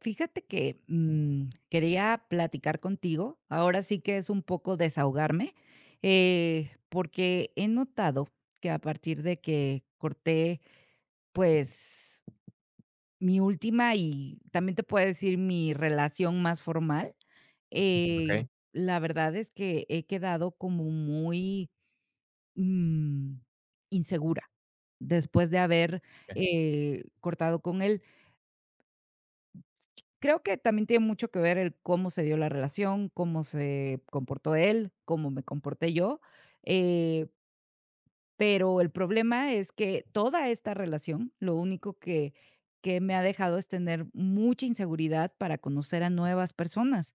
Fíjate que, mm, quería platicar contigo, ahora sí que es un poco desahogarme, eh, porque he notado que a partir de que corté, pues, mi última y también te puedo decir mi relación más formal, eh, Okey. la verdad es que, he quedado como muy, mm, insegura después de haber, [unintelligible] eh, cortado con él. Creo que también tiene mucho que ver el cómo se dio la relación, cómo se comportó él, cómo me comporté yo, eh pero el problema es que toda esta relación, lo único que que me ha dejado es tener mucha inseguridad para conocer a nuevas personas,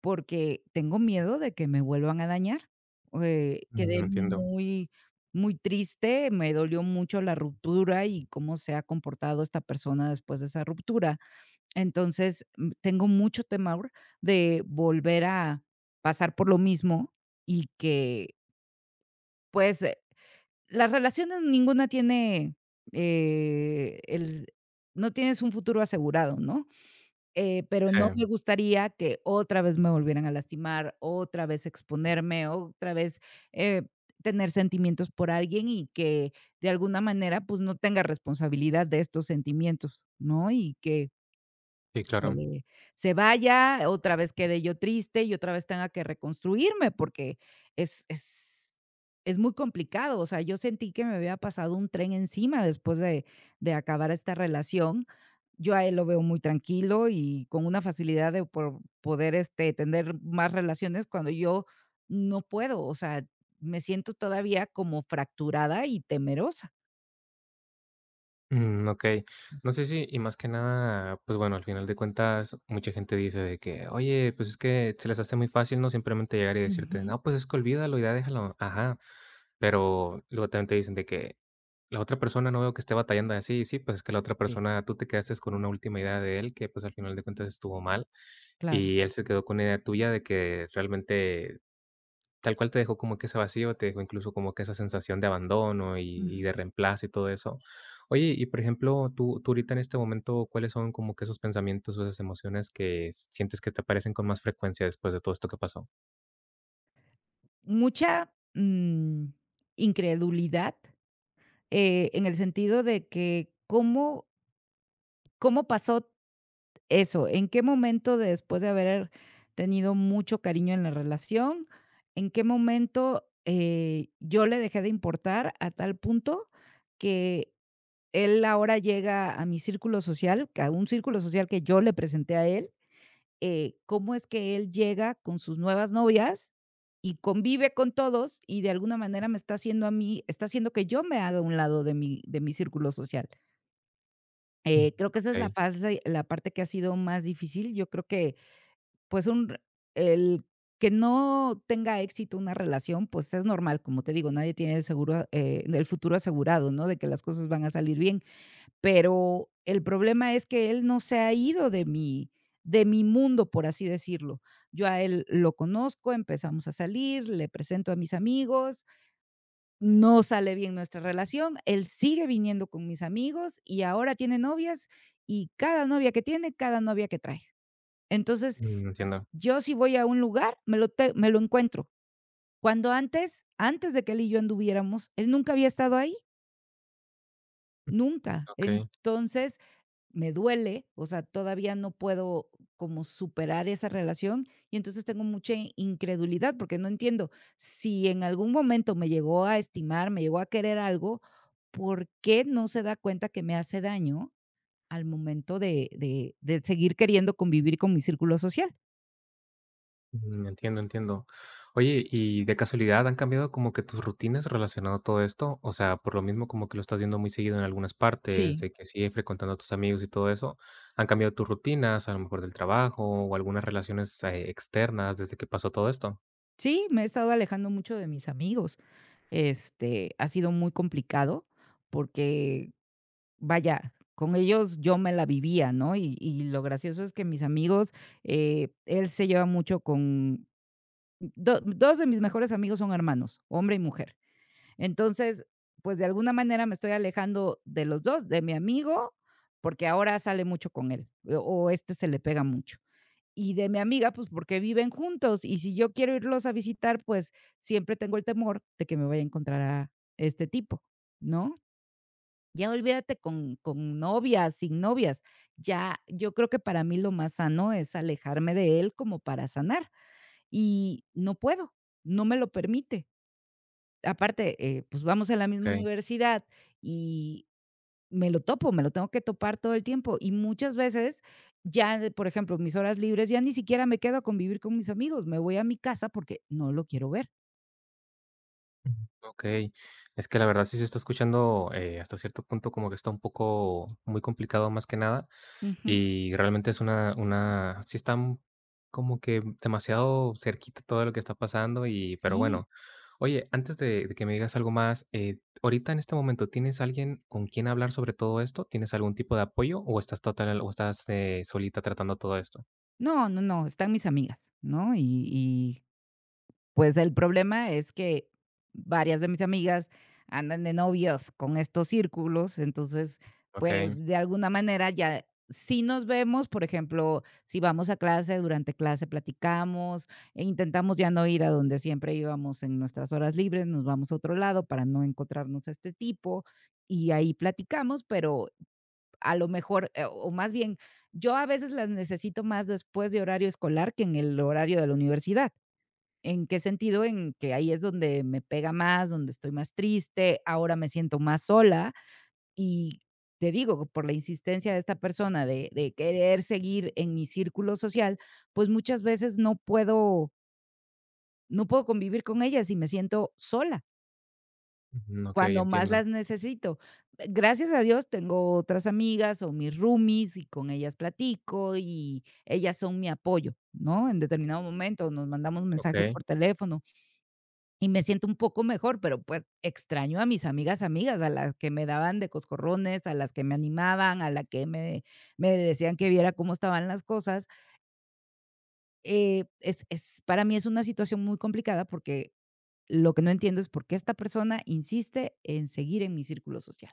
porque tengo miedo de que me vuelvan a dañar o de Mm, quedé entiendo. muy, muy triste, me dolió mucho la ruptura y cómo se ha comportado esta persona después de esa ruptura. Entonces, mm, tengo mucho temor de volver a pasar por lo mismo y que Pues, eh, las relaciones, ninguna tiene, eh, el no tienes un futuro asegurado, ¿no? Eh, pero no Sí. me gustaría que otra vez me volvieran a lastimar, otra vez exponerme, otra vez, eh, tener sentimientos por alguien, y que de alguna manera, pues, no tenga responsabilidad de estos sentimientos, ¿no? Y que Sí, claro. eh, se vaya, otra vez, quede yo triste, y otra vez, tenga que, reconstruirme, porque es es es muy complicado. O sea, yo sentí que me había pasado un tren encima después de de acabar esta relación. Yo a él lo veo muy tranquilo, y con una facilidad de pro poder este, tener más relaciones cuando yo no puedo. O sea, me siento todavía como fracturada y temerosa. Mm, okey, no sé, si y más que nada, pues, bueno, al final de cuentas, mucha gente dice de que: "Oye, pues, es que", se les hace muy fácil, ¿no?, simplemente llegar, y decirte: Ujú. "No, pues, es que, olvídalo y ya déjalo", ajá, pero luego también te dicen de que: "La otra persona no veo que esté batallando así", sí, pues, es que, la otra Sí. persona, tú te quedaste con una última idea de él, que, pues, al final de cuentas estuvo mal. Claro. Y él se quedó con una idea tuya de que realmente, tal cual, te dejó como que, ese vacío, te dejó, incluso, como que esa sensación de abandono, y y Ujú. de reemplazo y todo eso. Oye, y por ejemplo, tú tú ahorita en este momento, ¿cuáles son como que esos pensamientos, o esas emociones que, sientes que te aparecen con más frecuencia después de todo esto que pasó? Mucha, mm, incredulidad, eh, en el sentido de que, ¿cómo? ¿Cómo pasó t eso? ¿En qué momento, después de haber tenido mucho cariño en la relación, en qué momento, eh, yo le dejé de importar a tal punto que él ahora llega a mi círculo social, q a un círculo social que yo le presenté a él?, eh, ¿Cómo es que él llega con sus nuevas novias y convive con todos? Y de alguna manera me está haciendo a mí está haciendo que yo me haga a un lado de mi de mi círculo social. Eh, creo que esa es la Okey. fals eh, la parte que ha sido más difícil. Yo creo que pues un el que no tenga éxito una relación, pues es normal. Como te digo, nadie tiene el seguro, ah, eh, el futuro asegurado, no de que las cosas van a salir bien. Pero el problema es que él no se ha ido de mi de mi mundo, por así decirlo. Yo a él lo conozco. Empezamos a salir, le presento a mis amigos. No sale bien nuestra relación. Él sigue viniendo con mis amigos y ahora tiene novias y cada novia que tiene, cada novia que trae. Entonces Mm, entiendo. yo si voy a un lugar, me lo te me lo encuentro. Cuando antes, antes de que él y yo anduviéramos, él nunca había estado ahí. Nunca. Okey. Entonces, me duele, o sea, todavía no puedo como superar esa relación. Y entonces tengo mucha incredulidad, porque no entiendo, si en algún momento me llegó a estimar, me llegó a querer algo, ¿por qué no se da cuenta que me hace daño, al momento de de de seguir queriendo convivir con mi círculo social? Mm, entiendo, entiendo, oye, y, ¿de casualidad han cambiado como que, tus rutinas relacionado a todo esto? O sea, por lo mismo, como que, lo estás viendo muy seguido en algunas partes, Sí. de que sigue frecuentando a tus amigos y todo eso, ¿han cambiado tus rutinas, a lo mejor, del trabajo, o algunas relaciones, eh, externas desde que pasó todo esto? Sí, me he estado alejando mucho de mis amigos. Este, ha sido muy complicado, porque, vaya, con ellos, yo me la vivía, ¿no? Y y lo gracioso es que mis amigos, eh, él se lleva mucho con do 2 de mis mejores amigos son hermanos, hombre y mujer. Entonces, pues, de alguna manera me estoy alejando de los 2, de mi amigo, porque ahora sale mucho con él, o, este, se le pega mucho, y de mi amiga, pues, porque viven juntos. Y si yo quiero irlos a visitar, pues, siempre tengo el temor de que me vaya a encontrar a este tipo, ¿no? Ya olvídate, con con novias, sin novias. Ya, yo creo que, para mí lo más sano, es alejarme de él, como para sanar, y no puedo, no me lo permite. Aparte, eh, pues, vamos en la misma Okey. universidad, y, me lo topo, me lo tengo que topar, todo el tiempo. Y muchas veces ya de por ejemplo, mis horas libres, ya ni siquiera me quedo a convivir con mis amigos, me voy a mi casa porque no lo quiero ver. Okey. Es que la verdad sí se está escuchando, eh, hasta cierto punto como que está un poco muy complicado, más que nada Ujú. y realmente es una, una sí está, mm, como que, mm, demasiado cerquita todo lo que está pasando y pero Sí. bueno. Oye, antes de de que me digas algo más, eh, t ahorita, en este momento, ¿tienes alguien con quien hablar sobre todo esto? ¿Tienes algún tipo de apoyo o estás total o estás eh, solita tratando todo esto? No, no, no están mis amigas, ¿no?, y, y pues el problema es que varias de mis amigas andan de novios con estos círculos. Entonces pues Okey. de alguna manera ya Sí, nos vemos, por ejemplo, si vamos a clase durante clase platicamos e intentamos ya no ir a donde siempre íbamos en nuestras horas libres. Nos vamos a otro lado para no encontrarnos a este tipo y ahí platicamos, pero a lo mejor, eh, o a más bien yo a veces las necesito más después de horario escolar que en el horario de la universidad. ¿En qué sentido? En que ahí es donde me pega más, donde estoy más triste. Ahora me siento más sola y te digo por la insistencia de esta persona de de querer seguir en mi círculo social, pues muchas veces no puedo. No puedo convivir con ellas y me siento sola. Ujú, okey, Cuando más entiendo. las necesito, mm, gracias a Dios, tengo otras amigas, o mis roomies, y con ellas platico, y ellas son mi apoyo, ¿no? En determinado momento nos mandamos mensaje Okey. por teléfono. Y me siento un poco mejor, pero, pues, extraño a mis amigas, amigas a las que me daban de coscorrones, a las que me animaban a la que me me decían que viera cómo estaban las cosas. Eh, es es para mí es una situación muy complicada, porque lo que no entiendo es por qué esta persona insiste en seguir en mi círculo social.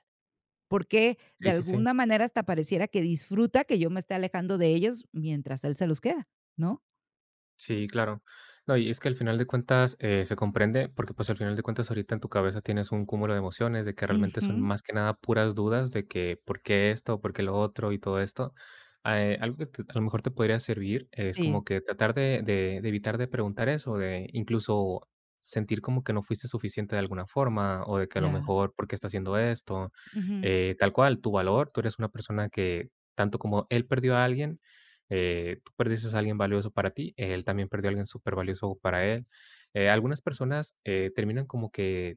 Por qué Sí, de sí, sí. alguna manera hasta pareciera que disfruta que yo me esté alejando de ellos, mientras él se los queda, ¿no? Sí, claro, no. Y es que al final de cuentas, eh, se comprende, porque pues al final de cuentas ahorita en tu cabeza tienes un cúmulo de emociones, de que realmente son Ujú. más que nada puras dudas de que, ¿por qué esto? ¿Por qué lo otro? Y todo esto, eh, algo que a lo mejor te podría servir es Sí. como que tratar de de de evitar de preguntar eso, de incluso, sentir como que no fuiste suficiente de alguna forma, o de que a lo Ya. mejor, ¿por qué está haciendo esto? Ujú. Eh, tal cual tu valor. Tú eres una persona que tanto como él perdió a alguien, eh, tú perdiste a alguien valioso para ti. Él también perdió a alguien super valioso para él, eh, algunas personas, eh, terminan como que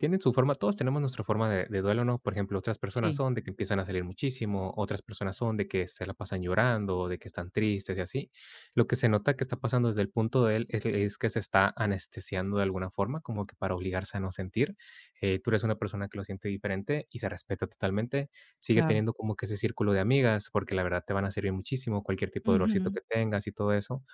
tienen su forma. Todos tenemos nuestra forma de de duelo, ¿no? Por ejemplo, otras personas Sí. son de que empiezan a salir muchísimo. Otras personas son de que se la pasan llorando, de que están tristes y así. Lo que se nota que está pasando desde el punto de él es es que se está anestesiando de alguna forma, como que para obligarse a no sentir, eh, tú eres una persona que lo siente diferente y se respeta totalmente. Sigue Claro. teniendo como que ese círculo de amigas, porque la verdad te van a servir muchísimo, cualquier tipo de dolorcito Ujú. que tengas y todo eso.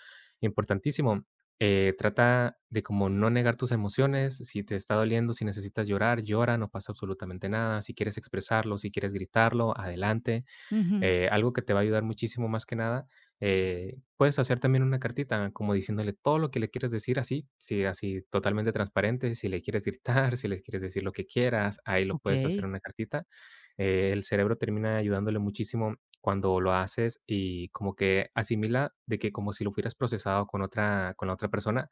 Importantísimo, eh, trata de como no negar tus emociones, si te está doliendo, si necesitas llorar, llora, no pasa absolutamente nada, si quieres expresarlo, si quieres gritarlo, adelante, Ujú. eh, algo que te va a ayudar muchísimo más que nada, eh, puedes hacer también una cartita como diciéndole todo lo que le quieres decir así. Si así totalmente transparente, si le quieres gritar, si le quieres decir lo que quieras, ahí lo puedes hacer Okey. en una cartita, eh, el cerebro termina ayudándole muchísimo cuando lo haces, y como que asimila de que como si lo fueras procesado con otra con la otra persona,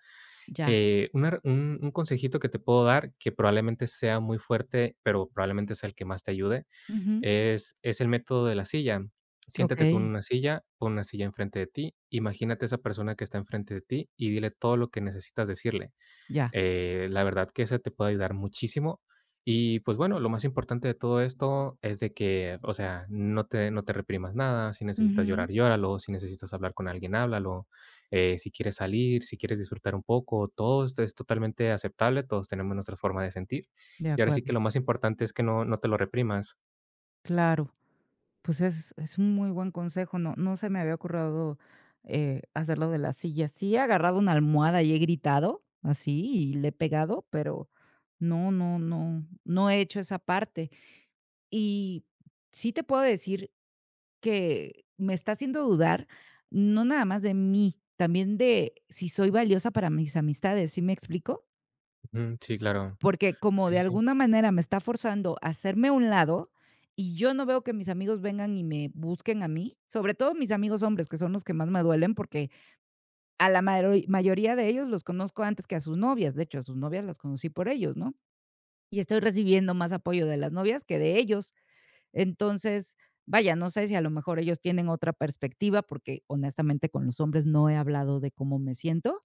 Ya. eh, una un consejito que te puedo dar que probablemente sea muy fuerte, pero probablemente sea el que más te ayude. Ujú. Es es el método de la silla. Siéntate tú en Okey. una silla, pon una silla en frente de ti, imagínate esa persona que está en frente de ti y dile todo lo que necesitas decirle, Ya. eh, la verdad que eso te puede ayudar muchísimo. Y pues bueno, lo más importante de todo esto es de que, o sea, no te no te reprimas nada. Si necesitas Ujú. llorar, llóralo, si necesitas hablar con alguien, háblalo, eh, si quieres salir, si quieres disfrutar un poco, todo es totalmente aceptable. Todos tenemos nuestra forma de sentir. De Y ahora sí acuerdo. que lo más importante es que no no te lo reprimas. Claro. Pues, es es un muy buen consejo. No no se me había ocurrido, eh, hacer lo de la silla. Sí, he agarrado una almohada y he gritado así y le he pegado, pero, no no no, no he hecho esa parte y sí te puedo decir que me está haciendo dudar. No nada más de mí, también de si soy valiosa para mis amistades, ¿sí me explico? Mm, sí, claro. Porque como Sí, de sí, sí. alguna manera me está forzando a hacerme a un lado, y yo no veo que mis amigos vengan y me busquen a mí, sobre todo mis amigos hombres, que son los que más me duelen porque a la maroi mayoría de ellos los conozco antes que a sus novias. De hecho, a sus novias las conocí por ellos, ¿no?, y estoy recibiendo más apoyo de las novias que de ellos. Entonces, vaya, no sé si a lo mejor ellos tienen otra perspectiva, porque honestamente, con los hombres no he hablado de cómo me siento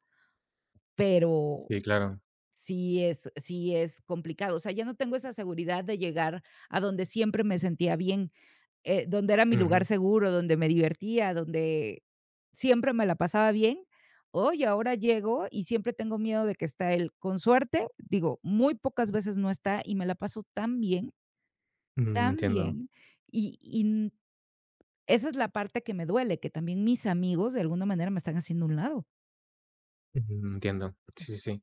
pero, Sí, claro. sí es sí es complicado. O sea, ya no tengo esa seguridad de llegar a donde siempre me sentía bien, eh, donde era mi lugar Ujú. seguro donde me divertía, donde siempre me la pasaba bien. Oye, ahora llego y siempre tengo miedo de que está él. Con suerte digo, muy pocas veces no está y me la paso tan bien Mm, tan entiendo. bien y y n Esa es la parte que me duele, que también mis amigos de alguna manera me están haciendo a un lado. Ujú, entiendo. Sí, sí, sí.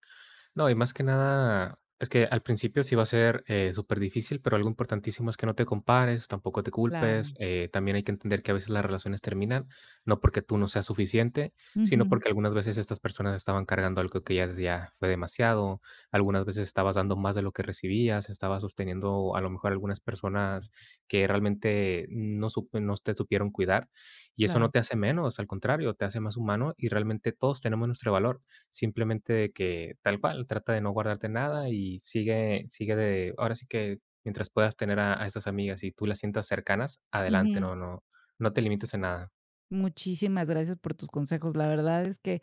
No, y más que nada, es que al principio sí va a ser, eh, superdifícil, pero algo importantísimo es que no te compares, tampoco te culpes, Claro. eh, también hay que entender que a veces las relaciones terminan no porque tú no seas suficiente, sino Ujú. porque algunas veces estas personas estaban cargando algo que ya es ya fue demasiado. Algunas veces estabas dando más de lo que recibías. Estabas sosteniendo a lo mejor algunas personas que realmente no sup no te supieron cuidar, y eso no Claro. te hace menos. Al contrario, te hace más humano y realmente todos tenemos nuestro valor. Simplemente de que, tal cual, trata de no guardarte nada y sigue sigue de ahora sí que, mientras puedas tener a a esas amigas y tú las sientas cercanas, adelante. Ujú. No no no te limites en nada. Muchísimas gracias por tus consejos. La verdad es que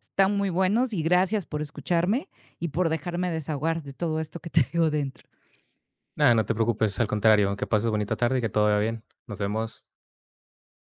están muy buenos y gracias por escucharme y por dejarme desahogar de todo esto que traigo dentro. Nada. No te preocupes. Al contrario. Que pases bonita tarde y que todo vaya bien. Nos vemos.